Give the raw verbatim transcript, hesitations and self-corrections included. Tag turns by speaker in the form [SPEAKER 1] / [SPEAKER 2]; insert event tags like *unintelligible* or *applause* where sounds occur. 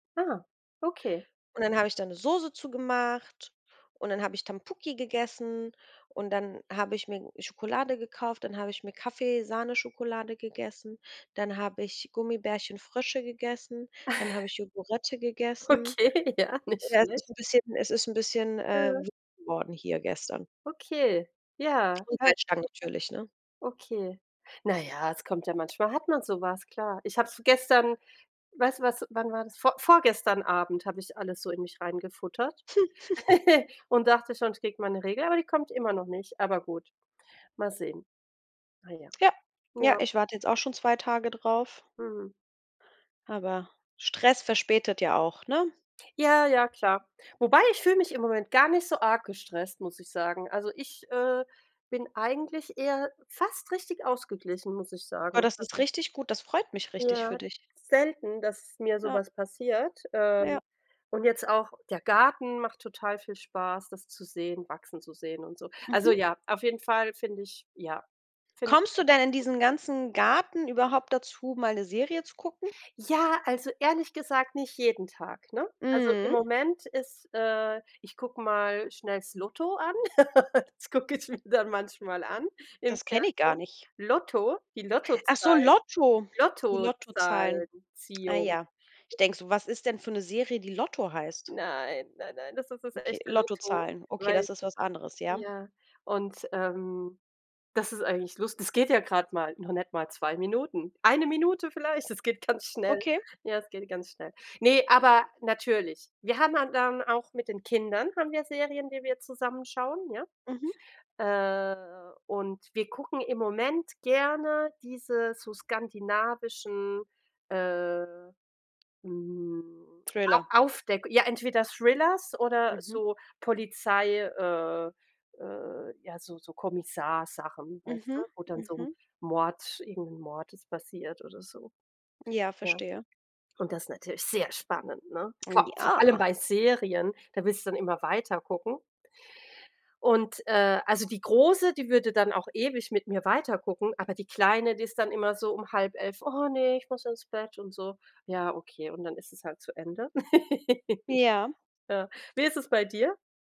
[SPEAKER 1] Ah, okay.
[SPEAKER 2] Und dann habe ich da ‘ne Soße zu gemacht und dann habe ich Tampuki gegessen und dann habe ich mir Schokolade gekauft, dann habe ich mir Kaffee-Sahneschokolade gegessen, dann habe ich Gummibärchen-Frösche gegessen, dann habe
[SPEAKER 1] *chuckles*
[SPEAKER 2] ich Yogurette gegessen.
[SPEAKER 1] Okay, ja, nicht
[SPEAKER 2] Ja, es
[SPEAKER 1] schlecht.
[SPEAKER 2] ist ‘n bisschen es ist ‘n bisschen, äh,
[SPEAKER 1] Ja.
[SPEAKER 2] *unintelligible* geworden hier gestern.
[SPEAKER 1] Okay, ja.
[SPEAKER 2] Und
[SPEAKER 1] Kann
[SPEAKER 2] Salzstangen natürlich, ne?
[SPEAKER 1] Okay. Na ja, es kommt ja manchmal hat man so was, klar. Ich habe es gestern weißt du, was wann war das? Vor vorgestern Abend habe ich alles so in mich reingefuttert
[SPEAKER 2] *chuckles*
[SPEAKER 1] *chuckles* und dachte schon, ich kriege meine Regel, aber die kommt immer noch nicht, aber gut, mal sehen. Na ja.
[SPEAKER 2] Ja, ja,
[SPEAKER 1] Ja.
[SPEAKER 2] ich warte jetzt auch schon zwei Tage drauf
[SPEAKER 1] Mhm.
[SPEAKER 2] aber Stress verspätet ja auch, ne?
[SPEAKER 1] Ja, ja, klar. Wobei, ich fühle mich im Moment gar nicht so arg gestresst, muss ich sagen, also, ich, äh, bin eigentlich eher fast richtig ausgeglichen, muss ich
[SPEAKER 2] Boah,
[SPEAKER 1] sagen.
[SPEAKER 2] das ist
[SPEAKER 1] Also
[SPEAKER 2] richtig gut, das freut mich richtig für
[SPEAKER 1] Ja,
[SPEAKER 2] dich.
[SPEAKER 1] selten, dass mir so
[SPEAKER 2] Ja.
[SPEAKER 1] was passiert. Äh,
[SPEAKER 2] Ja.
[SPEAKER 1] und jetzt auch der Garten macht total viel Spaß, das zu sehen wachsen zu sehen und so. Also,
[SPEAKER 2] Mhm.
[SPEAKER 1] ja, auf jeden Fall finde ich ja, finde ich
[SPEAKER 2] Kommst du denn
[SPEAKER 1] einfach
[SPEAKER 2] in
[SPEAKER 1] gut.
[SPEAKER 2] diesen ganzen Garten überhaupt dazu mal ‘ne Serie zu gucken?
[SPEAKER 1] Ja, also, ehrlich gesagt nicht jeden Tag, ne? Also, im
[SPEAKER 2] Mhm.
[SPEAKER 1] Moment ist äh, ich gucke mal schnell das Lotto an, *giggles* das gucke ich mir dann manchmal an im
[SPEAKER 2] Das kenne ich gar
[SPEAKER 1] Fernsehen.
[SPEAKER 2] nicht.
[SPEAKER 1] Lotto, die
[SPEAKER 2] Ach so,
[SPEAKER 1] Lottozahlen.
[SPEAKER 2] Lotto! Die Lottozahlen. Ah
[SPEAKER 1] Lottozahlen-Ziehung.
[SPEAKER 2] ja, ich denke so, was ist denn für ‘ne Serie die „Lotto“ heißt?
[SPEAKER 1] Nein, nein, nein, das ist das
[SPEAKER 2] Okay,
[SPEAKER 1] echte Lotto,
[SPEAKER 2] Lottozahlen. Okay,
[SPEAKER 1] weil
[SPEAKER 2] das ist was anderes, ja.
[SPEAKER 1] ja. Und, ähm, das ist eigentlich lus das geht ja grad mal, noch nicht mal zwei Minuten. eine Minute vielleicht, es geht ganz schnell.
[SPEAKER 2] Okay.
[SPEAKER 1] Ja, es geht ganz schnell. Ne, aber natürlich. Wir haben han dann auch mit den Kindern haben wir Serien, die wir zusammen schauen, ja,
[SPEAKER 2] Mhm.
[SPEAKER 1] äh, und wir gucken im Moment gerne diese so skandinavischen, äh, mm,
[SPEAKER 2] Thriller.
[SPEAKER 1] A Aufdeck ja, entweder Thrillers oder
[SPEAKER 2] Mhm.
[SPEAKER 1] so Polizei, äh, äh, ja, so so Kommissar-Sachen, weißt du?
[SPEAKER 2] Mhm,
[SPEAKER 1] Wo dann so ‘n
[SPEAKER 2] mhm.
[SPEAKER 1] Mord irgendein Mord ist passiert oder so.
[SPEAKER 2] Ja,
[SPEAKER 1] Ja,
[SPEAKER 2] verstehe.
[SPEAKER 1] und das ist natürlich sehr spannend, ne?
[SPEAKER 2] Mm,
[SPEAKER 1] Komm, vor allem
[SPEAKER 2] ja.
[SPEAKER 1] bei Serien, da willst du dann immer weiter gucken. Und, äh, also, die Große, die würde dann auch ewig mit mir weiter gucken, aber die Kleine, die ist dann immer so um halb elf: „Oh ne, ich muss ins Bett“ und so. Ja, okay, und dann ist es halt zu Ende.
[SPEAKER 2] Ja.
[SPEAKER 1] *giggles* Ja. Wie ist es bei dir?